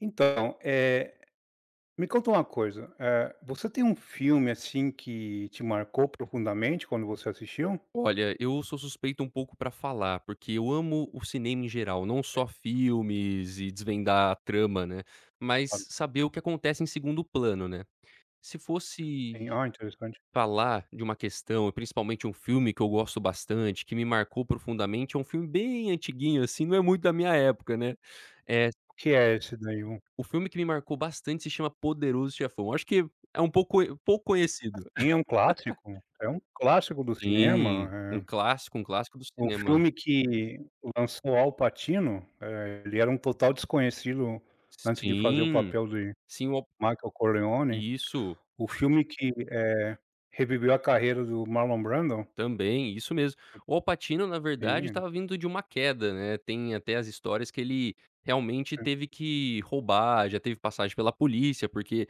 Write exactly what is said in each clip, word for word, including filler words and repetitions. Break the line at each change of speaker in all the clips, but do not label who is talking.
Então, eh, me conta uma coisa, eh, você tem um filme, assim, que te marcou profundamente quando você assistiu?
Olha, eu sou suspeito um pouco pra falar, porque eu amo o cinema em geral, não
É.
só filmes e desvendar a trama, né, mas
Claro.
saber o que acontece em segundo plano, né. Se fosse
Sim, ó interessante.
falar de uma questão, principalmente um filme que eu gosto bastante, que me marcou profundamente, é um filme bem antiguinho, assim, não é muito da minha época, né, é
O que é esse daí, um
o filme que me marcou bastante se chama Poderoso Chefão, acho que é um pouco pouco
Ah
conhecido.
sim, é um clássico, é um clássico do cinema,
Sim, um
eh
clássico, um clássico do
o
cinema.
filme que lançou Al Pacino, eh, ele era um total desconhecido antes de fazer o
Sim,
papel de
sim, o
Michael Corleone.
Isso.
O filme que, eh, reviveu a carreira do Marlon Brando.
Também, isso mesmo, o Al Pacino, na verdade,
Sim.
estava vindo de uma queda, né, tem até as histórias que ele realmente teve que roubar, já teve passagem pela polícia, porque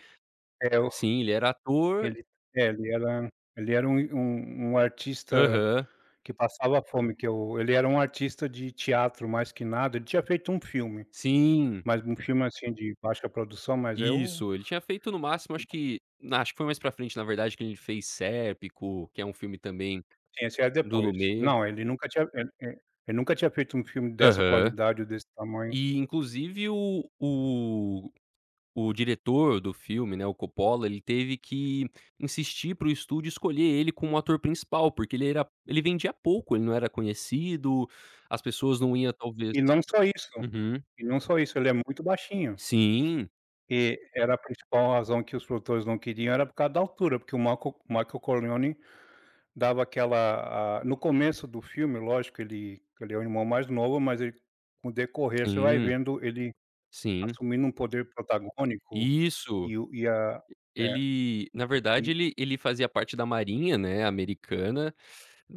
É o
sim, ele era ator
ele é, ele era ele era um i um um artista
Aham.
que passava fome, que eu ele era um artista de teatro, mais que nada ele tinha feito um filme,
Sim.
mas um filme, assim, de baixa produção, mas é o
Isso, ele tinha feito no máximo, acho
Então.
que na acho que foi mais pra frente, na verdade, que ele fez Serpico, que é um filme também
Sim, esse é
do
depois.
Lumet.
Não, ele nunca tinha, eh eh ele nunca tinha feito um filme dessa
Aham,
qualidade ou desse tamanho.
e inclusive o o o diretor do filme, né, o Coppola, ele teve que insistir para o estúdio escolher ele como o ator principal, porque ele era ele vendia pouco, ele não era conhecido, as pessoas não iam talvez
E não só isso
uhum.
e não só isso, ele é muito baixinho.
Sim.
E era a principal razão que os produtores não queriam era por causa da altura, porque o Marco Michael Corleone, dava aquela a no começo do filme, lógico que ele que ele é o irmão mais novo, mas ele com o decorrer, você vai
Sim.
vendo ele
Sim.
assumindo um poder protagônico,
Isso
e o e a é.
ele na verdade,
E
ele ele fazia parte da Marinha, né, americana,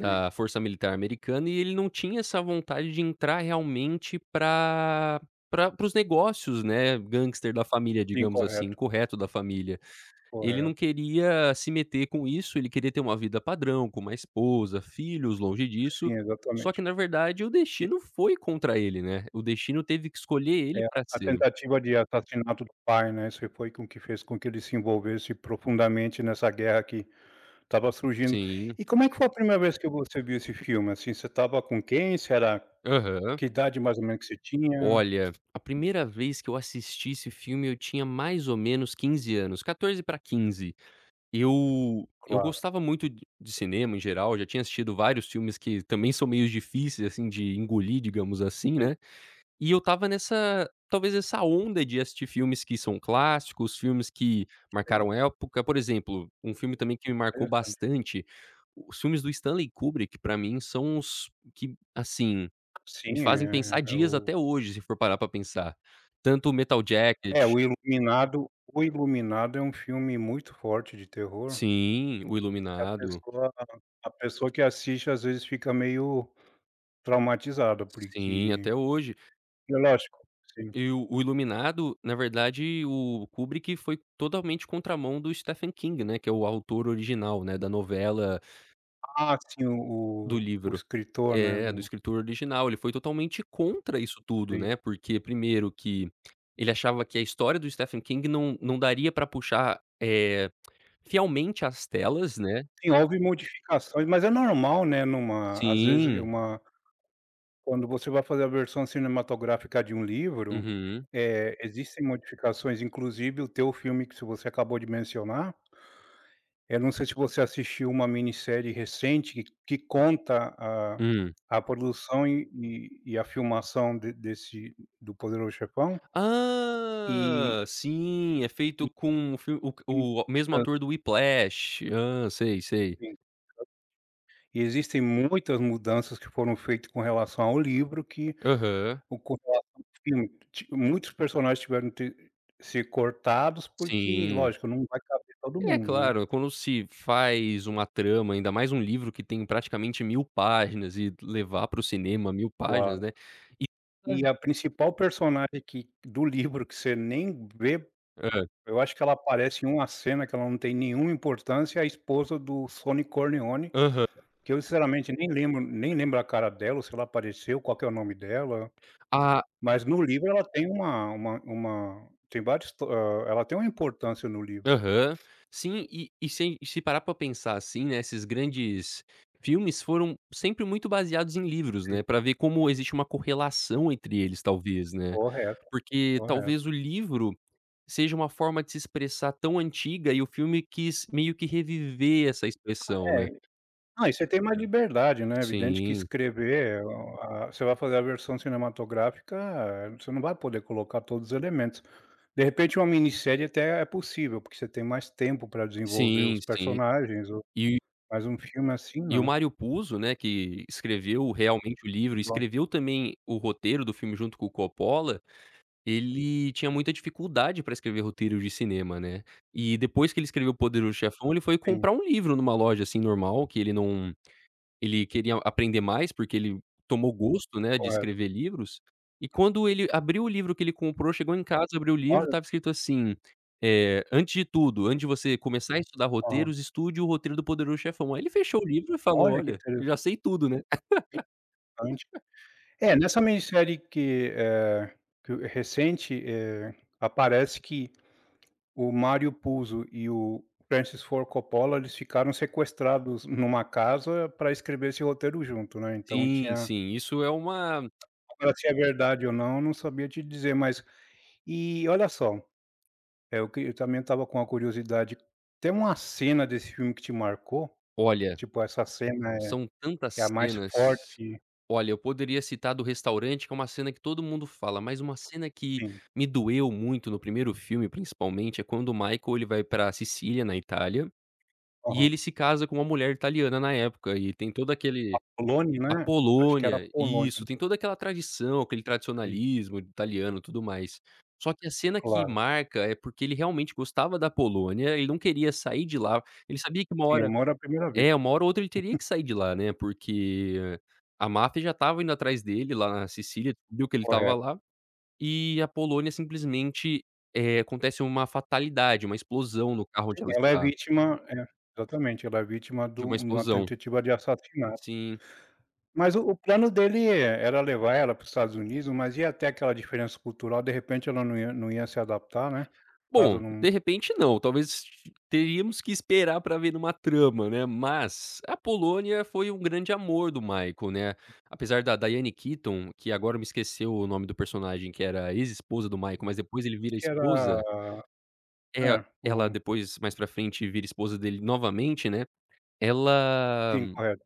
Sim.
Força Militar americana, e ele não tinha essa vontade de entrar realmente pra pra para os negócios, né, gangster da família,
Sim,
digamos assim.
correto.
Incorreto, da família, ele
Correto.
não queria se meter com isso, ele queria ter uma vida padrão, com uma esposa, filhos, longe disso,
Sim,
só que,
exatamente.
na verdade, o
E
destino foi contra ele, né, o destino teve que escolher ele
É a
pra
a
ser.
tentativa de assassinato do pai, né, isso foi com o que fez com que ele se envolvesse profundamente nessa guerra que estava surgindo.
Sim.
E como é que foi a primeira vez que você viu esse filme, assim, você estava com quem? Você era
Aham.
que idade mais ou menos que você tinha?
Olha, a primeira vez que eu assisti esse filme, eu tinha mais ou menos quinze anos, quatorze pra quinze. Eu eu
Claro.
gostava muito d de cinema em geral, já tinha assistido vários filmes que também são meio difíceis, assim, de engolir, digamos assim,
Sim.
né, e eu estava nessa, talvez essa onda de assistir filmes que são clássicos, filmes que marcaram
Sim.
época, por exemplo, um filme também que me marcou
Interessante.
bastante, os filmes do Stanley Kubrick, pra mim são os que, assim, me
Sim,
fazem pensar
é
dias
o
até hoje, se for parar pra pensar, tanto o Metal
É
Jacket.
o Iluminado o Iluminado é um filme muito forte de terror
Sim, o
que a
Iluminado.
pessoa a pessoa que assiste às vezes fica meio traumatizada,
Sim,
porque
até hoje.
e é lógico sim.
E o o Iluminado, na verdade, o Kubrick foi totalmente contramão do Stephen King, né, que é o autor original, né, da novela
Ah sim, o
Do
o o
livro.
escritor, né,
É, do
do
escritor original, ele foi totalmente contra isso tudo,
Sim.
né. Porque primeiro que, ele achava que a história do Stephen King não não daria pra puxar, eh, fielmente as telas, né.
Sim, houve modificações, mas é normal, né, numa às vezes
Sim.
uma quando você vai fazer a versão cinematográfica de um livro,
Uhum.
eh, existem modificações inclusive o teu filme, que se você acabou de mencionar eh, não sei se você assistiu uma minissérie recente, que que conta a
Hum.
a produção e e e a filmação de desse do Poderoso Chefão. E
Ah, sim, é feito com o filme o q
Hum.
o mesmo
Hã.
ator do Whiplash. Hã, sei, sei.
Sim. E existem muitas mudanças que foram feitas com relação ao livro que
Aham.
[unintelligible] ti muitos personagens tiveram t ser cortados, porque,
Sim.
lógico, não vai caber todo
É
mundo, né.
claro, quando se faz uma trama, ainda mais um livro que tem praticamente mil páginas, e d levar para o cinema mil páginas,
Claro.
né. E
E
[unintelligible]
a principal personagem que do livro, que você nem vê,
Hã.
eu acho que ela aparece em uma cena que ela não tem nenhuma importância, é a esposa do Sonny Corleone,
Aha
que eu sinceramente nem lembro nem lembro a cara dela, ou se ela apareceu, qual que é o nome dela.
Ah
Mas no livro ela tem uma uma uma tem vários to ah, ela tem uma importância no livro.
Aham. Sim, e e sem e se parar pra pensar, assim, né, esses grandes filmes foram sempre muito baseados em livros, né.
Sim.
Pra ver como existe uma correlação entre eles, talvez, né.
Correto,
Porque talvez
correto.
o livro seja uma forma de se expressar tão antiga, e o filme quis meio que reviver essa expressão, né.
É, ah, e você tem mais liberdade, né. Evidente que
Sim.
escrever, o ah, você vai fazer a versão cinematográfica, eh, você não vai poder colocar todos os elementos. De repente uma minissérie até é possível, porque você tem mais tempo para desenvolver
Sim,
os
sim.
personagens, ou
E
mais um filme assim,
E o
não.
Mário Puzo, né, que escreveu realmente o livro, e
[unintelligible]
escreveu também o roteiro do filme junto com o Coppola, ele tinha muita dificuldade para escrever roteiros de cinema, né. E depois que ele escreveu O Poderoso Chefão, ele foi
Sim.
comprar um livro numa loja, assim, normal, que ele não ele queria a aprender mais, porque ele tomou gosto, né, de
Correto.
escrever livros. E quando ele abriu o livro que ele comprou chegou em casa, abriu o livro,
Olha.
estava escrito assim, eh: "Antes de tudo, antes de você começar a estudar
Aham.
roteiros, estude o roteiro do poderoso chefão". Aí ele fechou o livro e falou:
Olha, que
"Olha,
intere
eu já sei tudo, né".
[unintelligible] É, nessa minissérie que, eh, que o recente, eh, aparece que o Mário Puzo e o Francis Ford Coppola, eles ficaram sequestrados numa casa para escrever esse roteiro junto, né, então
Sim,
tinha
sim, isso é uma
Agora se é verdade ou não, eu não sabia te dizer, mas e, olha só, é o que eu também estava com a curiosidade, tem uma cena desse filme que te marcou?
Olha,
Tipo, essa cena é
são
é a
tantas
mais
cenas.
forte
Olha, eu poderia citar a do restaurante, que é uma cena que todo mundo fala, mas uma cena que
Sim.
me doeu muito, no primeiro filme principalmente, é quando o Michael, ele vai para a Sicília, na Itália, e
Aham.
ele se casa com uma mulher italiana na época, e tem todo
A
aquele
Polônia,
a
né? Acho que era a
Polônia,
Polônia.
isso. Tem toda aquela tradição, aquele
Sim.
tradicionalismo italiano, tudo mais. Só que a cena que
Claro.
marca, é porque ele realmente gostava da Polônia, ele não queria sair de lá. Ele sabia que uma
Sim, é
hora
amor à primeira vista.
é, uma hora ou outra, ele teria que sair de lá, né, porque a máfia já estava indo atrás dele, lá na Sicília, viu que ele estava
Correto.
lá. E a Polônia simplesmente eh, acontece uma fatalidade, uma explosão no carro
Sim,
onde ela
ela é
está.
vítima é, exatamente. Ela é vítima
De
do
uma
de uma
explosão.
tentativa de assassinato.
Sim.
Mas o o plano dele é era levar ela para os Estados Unidos, mas ia ter até aquela diferença cultural, de repente ela não ia não ia se adaptar, né. Caso
Bom,
não
de repente não. Talvez s teríamos que esperar para ver numa trama, né. Mas, a Polônia foi um grande amor do Michael, né. Apesar da Diane Keaton, que agora me esqueceu o nome do personagem que era ex-esposa do Michael, mas depois ele vira
Que
esposa.
era
É,
é,
ela
um
depois, mais pra frente, vira esposa dele novamente, né. Ela,
Sim, correto.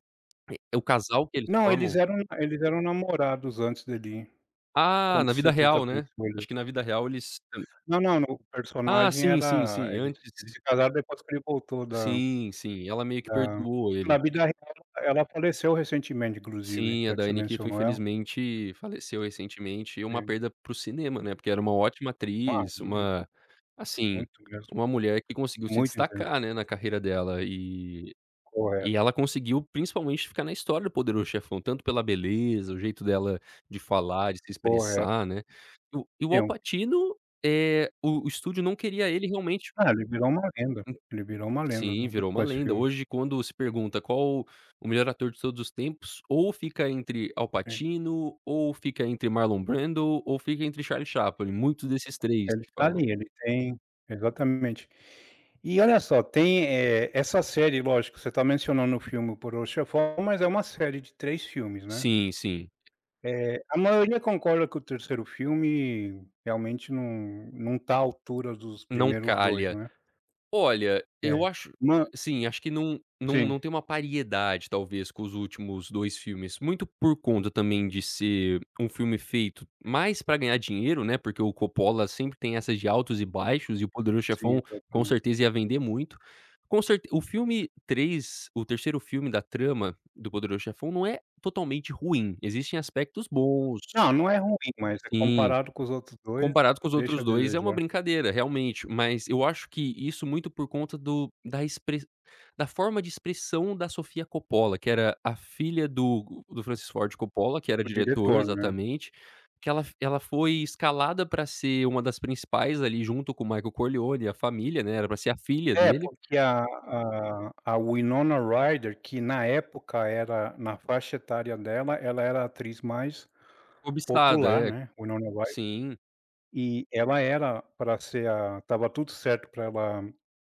eh o casal que eles
Não, eles
formam.
eram eles eram namorados antes dele
Ah, na vida
acontecer tudo que
real, né. Acho
aconteceu.
que na vida real eles [unintelligible]
Não, não, no
Ah,
personagem
sim, sim,
era
sim,
eles eles
antes
se casaram depois que ele voltou da
Sim, sim. Ela meio que
da
perdoou
na
ele.
vida real, ela faleceu recentemente, inclusive.
Sim, a
Já que você
Diane Keaton,
mencionou ela.
infelizmente, faleceu recentemente. Uma
Sim.
perda para o cinema, né, porque era uma ótima
Bah,
atriz,
ruim.
uma assim,
Muito mesmo.
uma mulher que conseguiu se
Muito intenso.
destacar, né, na carreira dela. E e
Correto.
ela conseguiu, principalmente, ficar na história do poderoso chefão, tanto pela beleza, o jeito dela de falar, de se
Correto.
expressar, né. E o e o Al
[unintelligible]
Pacino, eh, o o estúdio não queria ele realmente
Ah, ele virou uma lenda. Ele virou uma lenda,
Sim,
né,
virou
com
uma
esse
lenda.
filme.
Hoje, quando se pergunta: "Qual o melhor ator de todos os tempos?", ou fica entre Al
Sim.
Pacino, ou fica entre Marlon Brando, ou fica entre Charlie Chaplin, muitos desses três,
Ele
que
está
falam.
ali, ele tem exatamente. E olha só, tem, eh, essa série lógico, você está mencionando o filme O Poderoso Chefão mas é uma série de três filmes, né.
Sim, sim.
Eh, a maioria concorda que o terceiro filme realmente não não está à altura dos
Não
primeiros dois,
calha.
né.
Olha, eu
É.
acho
Uma
sim, acho que não não
Sim.
não tem uma pariedade, talvez, com os últimos dois filmes, muito por conta, também, de ser um filme feito
[unintelligible]
mais pra ganhar dinheiro, né, porque o Coppola sempre tem essas de altos e baixos, e o Poderão
Sim,
Chefão, com
exatamen
certeza, ia vender muito. Com certe o filme três o terceiro filme da trama, do Poderão Chefão, não é totalmente ruim. Existem aspectos bons.
Não, não é ruim, mas é
Sim.
comparado com os outros dois,
Comparado com os
deixa a
outros dois, é uma
desejar.
brincadeira, realmente. Mas, eu acho que isso muito por conta do da express da forma de expressão da Sofia Coppola, que era a filha do do Francis Ford Coppola, que era
O
diretor
diretor, né?
exatamente. Que ela f ela foi escalada para ser uma das principais, ali, junto com o Michael Corleone e a família, né, era pra ser a filha
É,
dele.
porque a a a Winona Ryder, que na época era, na faixa etária dela, ela era a atriz mais
Cobiçada,
popular,
é.
né, o Winona Ryder.
Sim.
E, ela era para ser a estava tudo certo pra ela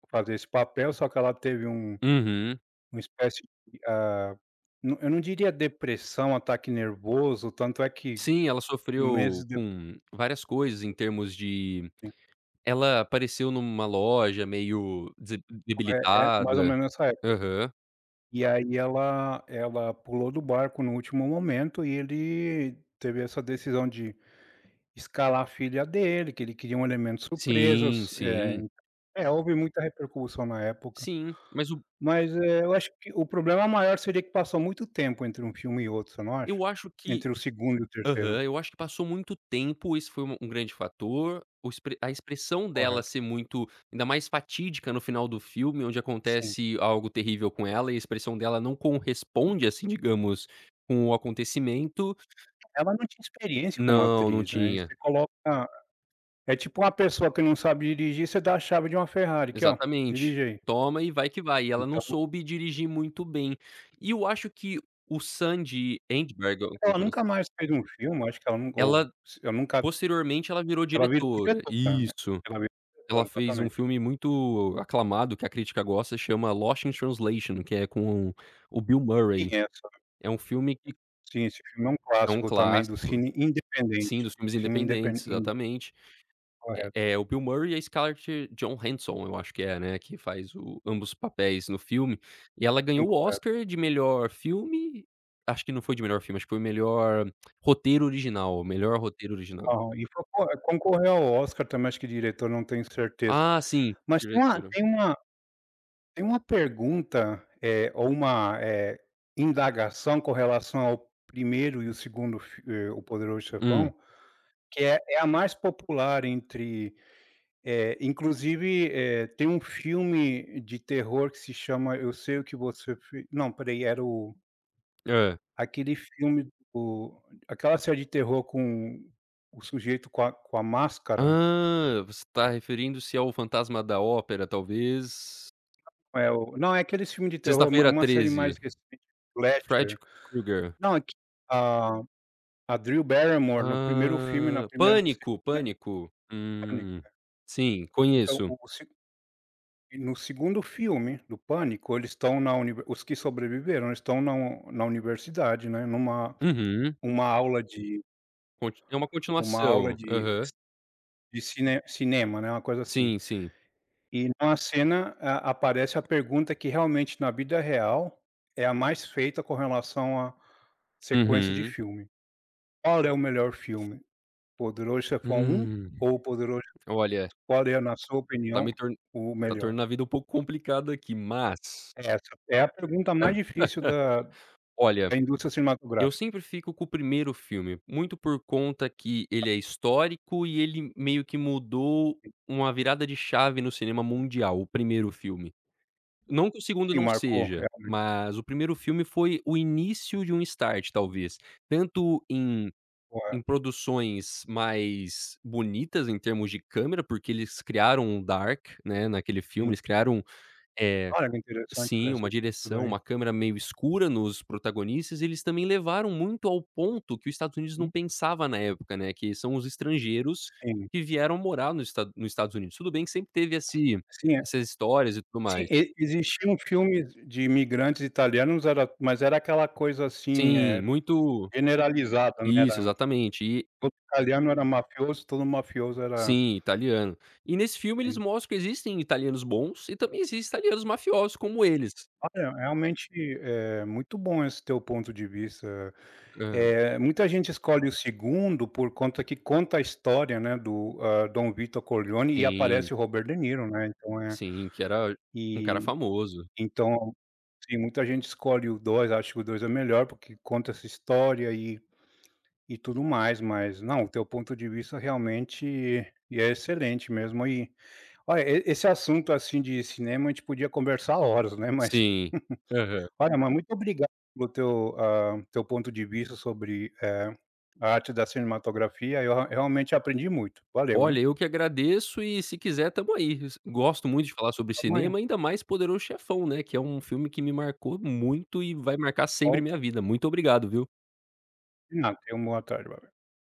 fazer esse papel, só que ela teve um
Uhum.
uma espécie e ah, eu não eu não diria depressão, ataque nervoso, tanto é que,
Sim, ela
meses
sofreu
dep
com várias coisas em termos de
Sim.
ela apareceu numa loja meio des
O eh-eh, mais ou
debilitada.
menos nessa época.
Aham.
E aí ela ela pulou do barco no último momento, e ele teve essa decisão de escalar a filha dele, que ele queria um elemento
Sim,
surpresas, é
sim.
é, houve muita repercussão na época.
Sim, mas o
Mas é, eu acho que o problema maior seria que passou muito tempo entre um filme e outro, você não acha?
Eu acho que
Entre o segundo e o terceiro.
aham, eu acho que passou muito tempo, esse foi u um grande fator. O ex a expressão dela
Correto.
ser muito ainda mais fatídica no final do filme, onde
Sim.
acontece algo terrível com ela, e a expressão dela não conresponde assim, digamos, com o acontecimento.
Ela não tinha experiência como
Não, não
atriz, né, e
tinha.
você coloca é tipo uma pessoa que não sabe dirigir, você dá a chave de uma Ferrari. "Aqui ó,
Exatamente.
dirige aí".
"Toma e vai que vai", e ela não
Então
soube dirigir muito bem. E eu acho que o Sandy Endberg, a alguma
Ela
coisa
nunca mais fez um filme, eu acho que ela não gou
Ela
s eu nunca
posteriormente, ela virou
Ela virou
diretora
diretora, né?
isso.
Ela virou
Ela
diretora,
fez um
exatamente.
filme muito aclamado, que a crítica gosta, chama Lost in Translation, que é com o Bill
Sim,
Murray.
é essa.
É um filme que
Sim, esse filme é um
É um
clássico também do
clássico.
cine
Sim,
independente,
dos filmes
cine indepen
independentes,
in
exatamente.
Correto.
É é o Bill Murray e a Scarlett John Hanson. Eu acho que é, né, que faz o ambos os papéis no filme e ela
Sim,
ganhou o
correto.
Oscar de melhor filme Acho que não foi de melhor filme, acho que foi o melhor roteiro original, melhor roteiro original.
Aham e foi co concorreu ao Oscar também, eu acho que diretor, não tenho certeza.
Ah, sim,
Mas tem uma
diretora.
tem uma tem uma pergunta, eh, ou uma, eh, indagação com relação ao primeiro e o segundo f eh, O Poderoso Chefão,
Hum.
que é é a mais popular entre, eh, inclusive, eh, tem um filme de terror que se chama Eu Sei o que Você Fi não pera aí, era o
Hã.
aquele filme, o aquela série de terror com o sujeito com a com a máscara.
Ah, você tá referindo-se ao fantasma da Ópera, talvez?
É o não é aqueles filmes de terror, uma
Sexta-feira
uma série mais
13,
recente
Fred
Fletcher.
K Krueger.
Não é que a a Drew Barrymore no primeiro filme, na
Ah,
primeira série,
Pânico,
né
Pânico.
Pânico,
Hum,
é.
sim,
Então
conheço.
o o segu e no segundo filme do Pânico, eles estão na univer os que sobreviveram, eles estão na un na universidade, né, numa
Uhum.
uma aula de
Conti é uma
uma aula
continuação,
de
aham.
de cine cinema, né, uma coisa assim.
Sim, sim.
E na cena a aparece a pergunta que, realmente, na vida real é a mais feita com relação a sequência de
Uhum.
filme. Qual é o melhor filme? O Poderoso Chefão 1
Hum,
ou Poderoso Chefão
olha
[unintelligible] Qual é, na sua
tá
opinião,
me tor
o
tá
melhor?
tornando a vida um pouco complicada aqui, mas
Essa é a pergunta mais difícil da
Olha,
da indústria
eu
cinematográfica.
sempre fico com o primeiro filme, muito por conta que ele é histórico e ele meio que mudou
Sim.
uma virada de chave no cinema mundial, o primeiro filme. Não que o segundo
Sim,
não
marcou
seja,
realmente.
mas o primeiro filme foi o início de um start, talvez, tanto em
Correto.
em produções mais bonitas em termos de câmera, porque eles criaram um dark, né, naquele filme,
Sim.
eles criaram, eh
Olha que interessante
Sim, uma
[unintelligible] tudo
direção,
aí.
uma câmera meio escura nos protagonistas. Eles também levaram muito ao ponto que os Estados Unidos não
Hum.
pensava na época, né, que são os estrangeiros
Sim.
que vieram morar no Estado nos Estados Unidos. Tudo bem, que sempre teve esse
Sim, é
essas histórias e tudo
sim,
mais.
e existiam filmes de imigrantes italianos, era mas era aquela coisa assim,
Sim,
eh,
muito
generalizada, né,
Isso,
era
exatamente, e
todo italiano era mafioso, todo mafioso era
Sim, italiano. E nesse filme eles
Sim.
mostram que existem italianos bons e também existe italianos mafiosos como eles.
Olha, realmente é muito bom esse teu ponto de vista,
Aham.
eh, muita gente escolhe o segundo por conta que conta a história, né, do, hã, Dom Victor Corleone e
Sim.
aparece o Robert De Niro, né, então é
Sim, que era um cara
e
famoso.
então assim, muita gente escolhe o dois. Acha que o dois é o melhor, porque conta essa história e e tudo mais, mas Não, o teu ponto de vista realmente é excelente mesmo e olha e esse assunto, assim, de cinema, a gente podia conversar horas, né, mas
Sim, aham.
olha, mas muito obrigado pelo teu, hã, teu ponto de vista sobre, eh, a arte da cinematografia. Eu rea realmente aprendi muito, valeu, hein.
Olha, eu que agradeço e se quiser, estamos aí. Gosto muito de falar sobre
Amanhã.
cinema, ainda mais O Poderoso Chefão, né, que é um filme que me marcou muito e vai marcar sempre
Ok.
minha vida. Muito obrigado, viu.
Não, tenha uma boa tarde agora.